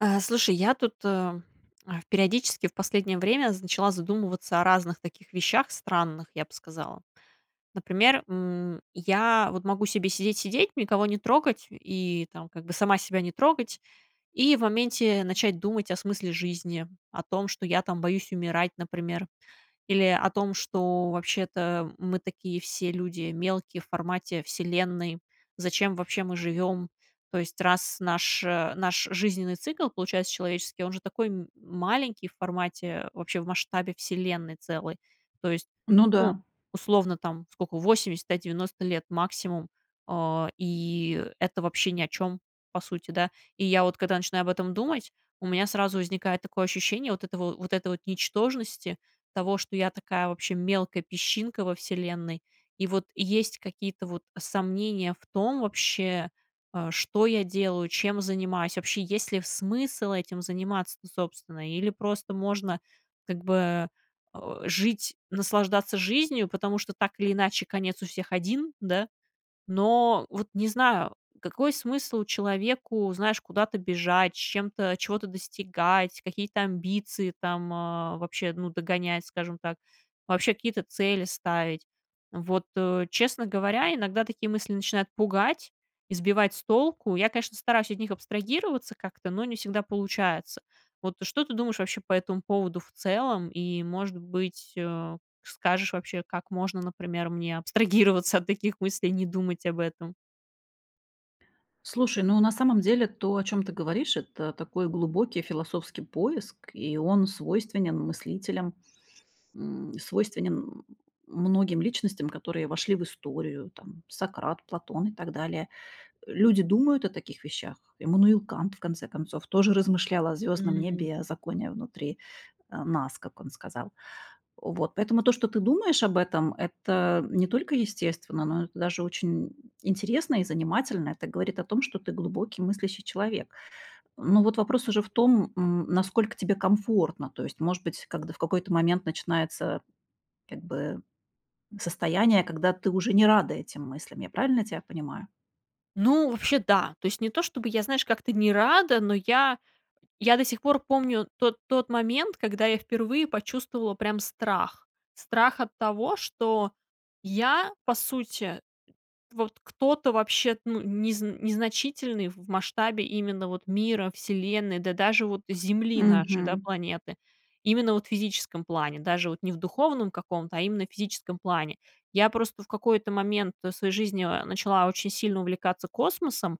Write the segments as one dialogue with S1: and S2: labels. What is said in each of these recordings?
S1: А, слушай, я тут, э, а, в периодически в последнее время зн начала задумываться о разных таких вещах странных, я бы сказала. Например, м, я вот могу себе сидеть-сидеть, никого не трогать, и там как бы сама себя не трогать, и в моменте начать думать о смысле жизни, о том, что я, там, боюсь умирать, например, или о том, что вообще-то мы такие все люди мелкие в формате Вселенной, зачем вообще мы живем? То есть, раз наш, э, наш жизненный цикл получается человеческий, он же такой м маленький в формате, вообще в масштабе Вселенной целой. То есть,
S2: Ну
S1: ну,
S2: да.
S1: условно, там, сколько, 80, да, 90 лет максимум, а, и это вообще ни о чём, по сути, да. И я вот когда начинаю об этом думать, у меня сразу возникает такое ощущение вот этого, вот этой вот ничтожности, того, что я такая вообще мелкая песчинка во Вселенной. И вот есть какие-то, вот, сомнения в том вообще, а, что я делаю, чем занимаюсь, вообще есть ли в смысл этим заниматься-то, собственно, или просто можно как бы, о, жить, наслаждаться жизнью. Потому что так или иначе конец у всех один, да? Но вот не знаю, какой смысл человеку, знаешь, куда-то бежать, с чем-то чего-то достигать, какие-то амбиции там, э, вообще, ну, догонять, скажем так, вообще какие-то цели ставить. Вот, э, честно говоря, иногда такие мысли начинают пугать и сбивать с толку. Я, конечно, стараюсь от них абстрагироваться как-то, но не всегда получается. Вот что ты думаешь вообще по этому поводу в целом, и, может быть, э, скажешь вообще, как можно, например, мне абстрагироваться от таких мыслей и не думать об этом?
S2: Слушай, ну, на самом деле, то, о чём ты говоришь, это такой глубокий философский поиск и он свойственен мыслителям, м, свойственен, м, многим личностям, которые вошли в историю, там: Сократ, Платон и так далее. Люди думают о таких вещах. Эммануил Кант, в конце концов, тоже размышлял о звездном
S1: Мгм.
S2: небе, о законе внутри, а, нас, как он сказал. Вот, поэтому то, что ты думаешь об этом, это не только естественно, но это даже очень интересно и занимательно, это говорит о том, что ты глубокий мыслящий человек. Но вот вопрос уже в том, м, насколько тебе комфортно, то есть, может быть, когд в какой-то момент начинается, как бы, состояние, когда ты уже не рада этим мыслям, я правильно тебя понимаю?
S1: Ну, вообще, да. То есть не то, что бы я, знаешь, как-то не рада, но я я до сих пор помню тот тот момент, когда я впервые почувствовала прям страх. Страх от того, что я, по сути, вот кто-то вообще, ну, незн незначительный в масштабе именно вот мира, Вселенной, да даже вот Земли нашей, да,
S2: Мгм.
S1: планеты. Именно вот в физическом плане, даже вот не в духовном каком-то, а именно в физическом плане. Я просто в какой-то момент своей жизни, а, начала очень сильно увлекаться космосом,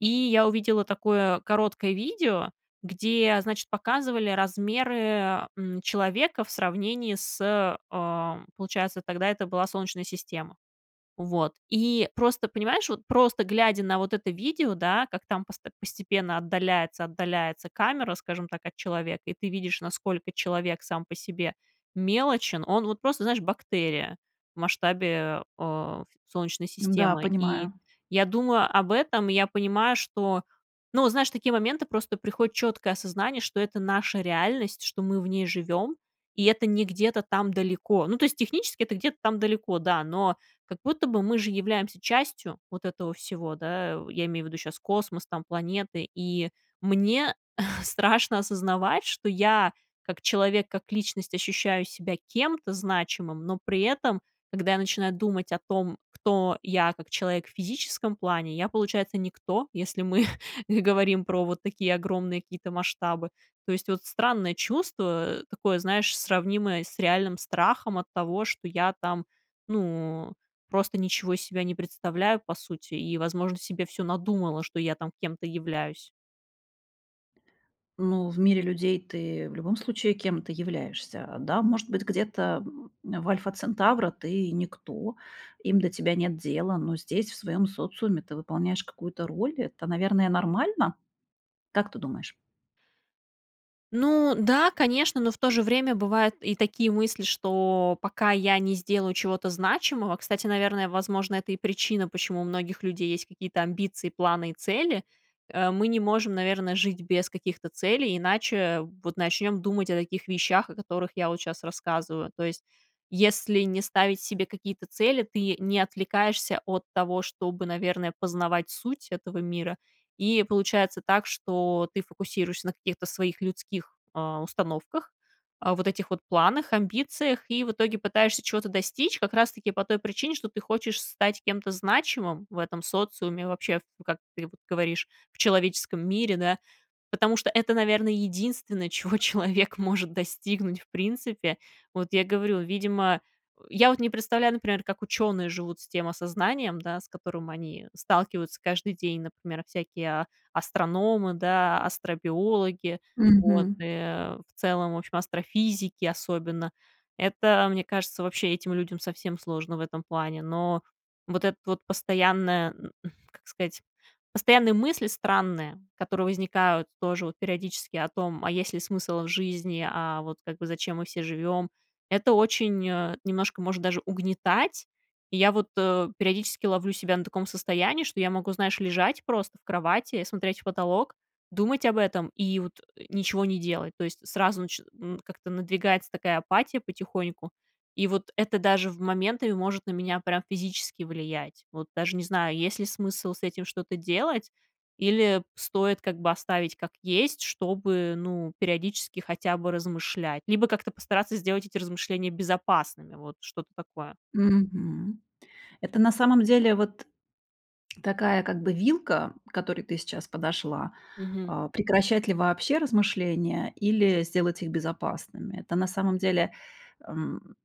S1: и я увидела такое короткое видео, где, значит, показывали размеры, м, человека в сравнении с, эм, получается, тогда это была Солнечная система. Вот, и просто, понимаешь, вот просто глядя на вот это видео, да, как там пост постепенно отдаляется, отдаляется камера, скажем так, от человека, и ты видишь, насколько человек сам по себе мелочен, он вот просто, знаешь, бактерия в масштабе, э, Солнечной
S2: Н-да,
S1: системы. И
S2: понимаю.
S1: я думаю об этом, и я понимаю, что, ну, знаешь, в такие моменты просто приходит четкое осознание, что это наша реальность, что мы в ней живем, и это не где-то там далеко. Ну, то есть технически это где-то там далеко, да, но, как будто бы, мы же являемся частью вот этого всего, да, я имею в виду щас космос, там, планеты. И мне страшно осознавать, что я, как человек, как личность, ощущаю себя кем-то значимым, но при этом, когда я начинаю думать о том, кто я, как человек в физическом плане, я, получается, никто, если мы говорим про вот такие огромные какие-то масштабы. То есть вот странное чувство, такое, знаешь, сравнимое с реальным страхом от того, что я, там, ну, просто ничего из себя не представляю, по сути, и, возможно, себе всё надумала, что я там кем-то являюсь.
S2: Ну, в мире людей ты в любом случае кем-то являешься. А, да может быть, где-то в Альфа-Центавра ты никто, им до тебя нет дела, но здесь, в своём социуме, ты выполняешь какую-то роль, это, наверное, нормально? Как ты думаешь?
S1: Ну да, конечно, но в то же время бывают и такие мысли, что пока я не сделаю чего-то значимого, кстати, наверное, возможно, это и причина, почему у многих людей есть какие-то амбиции, планы и цели. Э, мы не можем, наверное, жить без каких-то целей, иначе вот начнем думать о таких вещах, о которых я вот щас рассказываю. То есть, если не ставить себе какие-то цели, ты не отвлекаешься от того, чтобы, наверное, познавать суть этого мира, и получается так, что ты фокусируешься на каких-то своих людских, э, установках, а, вот этих вот планах, амбициях, и в итоге пытаешься чего-то достичь как раз-таки по той причине, что ты хочешь стать кем-то значимым в этом социуме вообще, в, как ты вот говоришь, в человеческом мире, да, потому что это, наверное, единственное, чего человек может достигнуть в принципе. Вот я говорю, видимо, э, я вот не представляю, например, как ученые живут с тем осознанием, да, с которым они сталкиваются каждый день, например, всякие а астрономы, да, астробиологи, вот,
S2: Мгм.
S1: э, в целом, в общем, астрофизики особенно, это, мне кажется, вообще этим людям совсем сложно в этом плане. Но вот этот вот постоянные, м, как сказать, постоянные мысли странные, которые возникают тоже вот периодически о том, а есть ли смысл в жизни, а вот как бы зачем мы все живем, это очень, э, немножко может даже угнетать. И я вот, э, периодически ловлю себя на таком состоянии, что я могу, знаешь, лежать просто в кровати, и смотреть в потолок, думать об этом и вот, э, ничего не делать. То есть сразу начи м, как-то надвигается такая апатия потихоньку. И вот это даже в моменты может на меня прям физически влиять. Вот даже не знаю, есть ли смысл с этим что-то делать или п стоит как бы оставить как есть, чтобы, ну, периодически хотя бы размышлять, либо как-то постараться сделать эти размышления безопасными, вот что-то такое.
S2: Мгм, это на самом деле вот такая как бы вилка, к которой ты сейчас подошла:
S1: Мгм.
S2: а, прекращать ли вообще размышления или сделать их безопасными. Это, на самом деле, эм,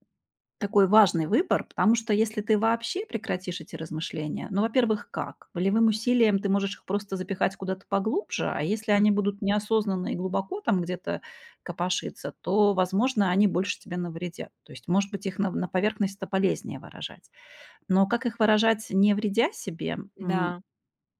S2: такой важный выбор, потому что если ты вообще прекратишь эти размышления, ну, во-первых, как? Волевым усилием ты можешь их просто запихать куда-то поглубже, а если
S1: Хм.
S2: они будут неосознанные и глубоко там где-то копошиться, то, возможно, они больше тебе навредят. То есть, может быть, их нав на поверхность- это полезнее выражать. Но как их выражать, не вредя себе? М,
S1: Да.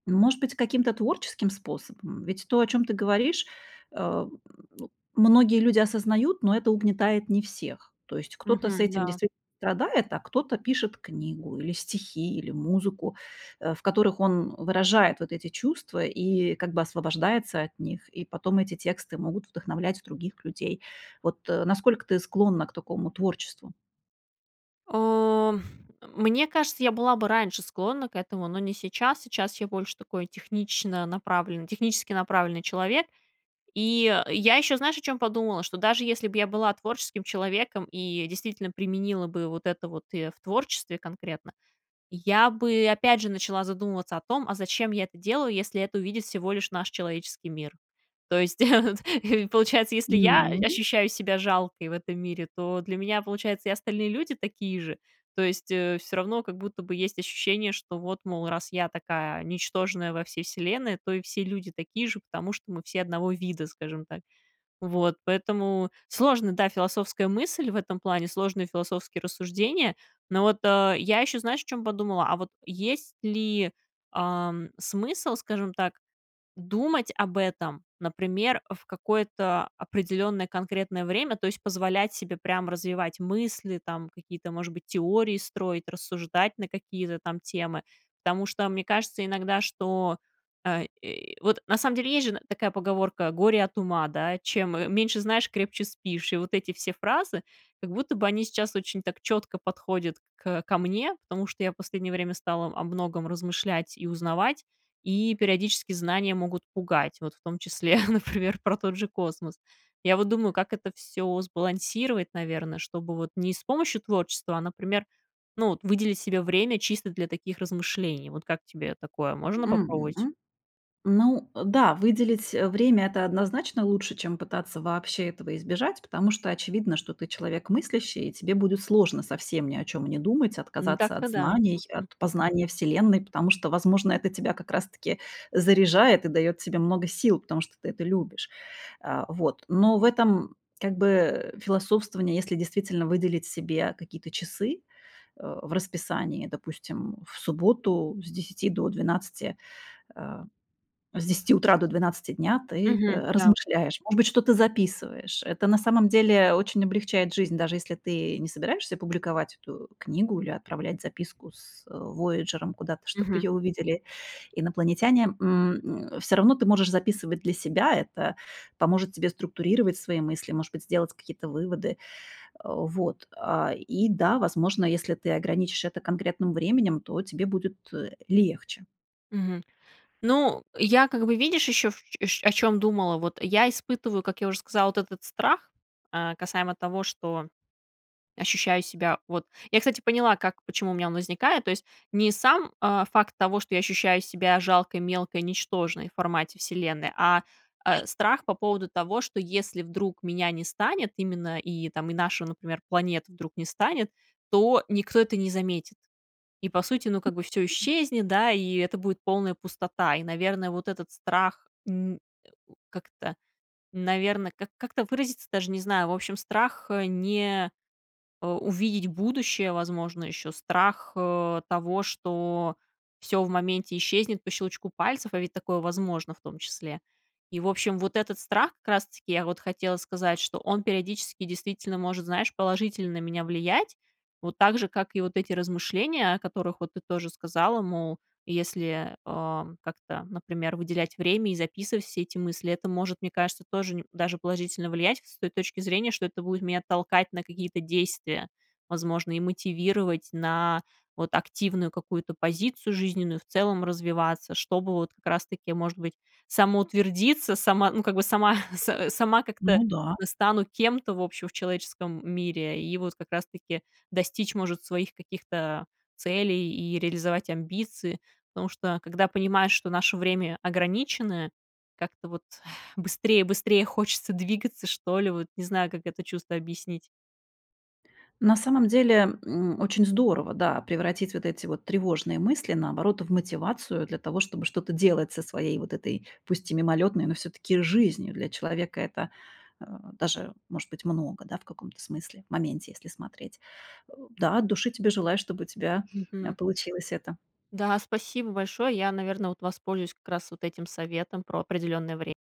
S2: может быть, каким-то творческим способом? Ведь то, о чём ты говоришь, эм, ну многие люди осознают, но это угнетает не всех. То есть кто-то с
S1: Мгм,
S2: этим
S1: да.
S2: действит страдает, а кто-то пишет книгу, или стихи, или музыку, э, в которых он выражает вот эти чувства и как бы освобождается от них, и потом эти тексты могут вдохновлять других людей. Вот, э, насколько ты склонна к такому творчеству?
S1: О, мне кажется, я была бы раньше склонна к этому, но не сейчас. Сейчас я больше такой технично-направленный, технически направленный человек. И я ещё, знаешь, о чём подумала: что даже если б я была творческим человеком и действительно применила бы вот это вот и в творчестве конкретно, я бы, опять же, начала задумываться о том, а зачем я это делаю, если это увидит всего лишь наш человеческий мир? То есть, получается, если я, э,
S2: Ну.
S1: ощущаю себя жалкой в этом мире, то для меня, получается, и остальные люди такие же. То есть, э, всё равно как будто бы есть ощущение, что вот, мол, раз я такая ничтожная во всей Вселенной, то и все люди такие же, потому что мы все одного вида, скажем так. Вот, поэтому сложная, да, философская мысль в этом плане, сложные философские рассуждения. Но вот, э, я ещё, знаешь, о чём подумала: а вот есть ли, ам, смысл, скажем так, думать об этом, например, в какое-то определённое конкретное время, то есть позволять себе прям развивать мысли, там какие-то, может быть, теории строить, рассуждать на какие-то там темы? Потому что мне кажется иногда, что, э, и Вот, на самом деле, есть же, н такая поговорка: "Горе от ума", да, "Чем м-меньше знаешь, крепче спишь". И вот эти все фразы, как будто бы они сейчас очень так чётко подходят кэ ко мне, потому что я в последнее время стала об многом размышлять и узнавать, и периодически знания могут пугать, вот в том числе, например, про тот же космос. Я вот думаю, как это всё сбалансировать, наверно, чтобы вот не с помощью творчества, а, например, ну вот, выделить себе время чисто для таких размышлений. Вот как тебе такое, можно попробовать?
S2: Мгм. Ну, э, да, выделить, э, время- это однозначно лучше, чем пытаться вообще этого избежать, потому что очевидно, что ты человек мыслящий, и тебе будет сложно совсем ни о чём не думать,
S1: Н,
S2: отказаться от
S1: дак-то да,
S2: знаний, от
S1: мгм.
S2: познания Вселенной. Потому что, возможно, это тебя как раз-таки заряжает и даёт тебе много сил, потому что ты это любишь. А, вот. Но в этом как бы философствовании, если действительно выделить себе какие-то часы, э, в расписании, допустим, в субботу с 10 до 12, э, с 10 утра до 12 дня ты,
S1: Мгм,
S2: э,
S1: да.
S2: размышляешь, может быть, что-то записываешь. Это на самом деле очень облегчает жизнь, даже если ты не собираешься публиковать эту книгу или отправлять записку с, э, "Вояджером" куда-то, чтобы
S1: Мгм.
S2: её увидели инопланетяне. М, м, всё равно ты можешь записывать для себя, это поможет тебе структурировать свои мысли, может быть, сделать какие-то выводы. Э, вот. А, и да, возможно, если ты ограничишь это конкретным временем, то тебе будет, э, легче.
S1: Мгм. Ну, я, как бы, видишь, ещё, ш шё о чем думала. Вот я испытываю, как я уже сказала, от этот страх, э, касаемо того, что ощущаю себя, вот Я, кстати, поняла, как, почему у меня он возникает, то есть, не сам, а, факт того, что я ощущаю себя жалкой, мелкой, ничтожной в формате Вселенной, а, а страх по поводу того, что если, вдруг, меня не станет именно, и там, и наша, ну например, планета вдруг не станет, то, никто это не заметит. И, по сути, ну, как бы всё исчезнет, да, и это будет полная пустота. И, наверное, вот этот страх, н э, как-то, наверное, как как-то выразиться, даже не знаю, в общем, страх, э, не, э, увидеть будущее, возможно, ещё страх, э, того, что всё в моменте исчезнет по щелчку пальцев, а ведь такое возможно, в том числе. И, в общем, вот этот страх как раз-таки, я вот хотела сказать, что он периодически действительно может, знаешь, положительно на меня влиять, вот так же, как и вот эти размышления, о которых, вот, ты тоже сказала, мол, если, э, как-то, например, выделять время и записывать все эти мысли, это может, мне кажется, тоже ни даже положительно влиять, с той точки зрения, что это будет меня толкать на какие-то действия. Возможно, и мотивировать на, вот, активную какую-то позицию жизненную, в целом развиваться, чтобы вот, как раз-таки, может быть, самоутвердиться, сама ну, как бы, сама с сама как-то
S2: Ну да.
S1: стану кем-то, в общем, в человеческом мире. И вот как раз-таки достичь, может, своих каких-то целей и реализовать амбиции, потому что, когда понимаешь, что наше время ограниченное, как-то вот быстрее-быстрее хочется двигаться, что ли, вот, не знаю, как это чувство объяснить.
S2: На самом деле, м, очень здорово, да, превратить вот эти, вот, тревожные мысли, наоборот, в мотивацию для того, чтобы что-то делать со своей, вот этой, пусть и мимолётной, но, всё-таки, жизнью. Для человека это, а, даже, может быть, много, да, в каком-то смысле, моменте, если смотреть. Э, да, от души тебе желаю, чтобы у тебя, э,
S1: Мгм.
S2: получилось это.
S1: Да, спасибо большое. Я, наверно, вот воспользуюсь, как раз, вот этим советом про определенное вре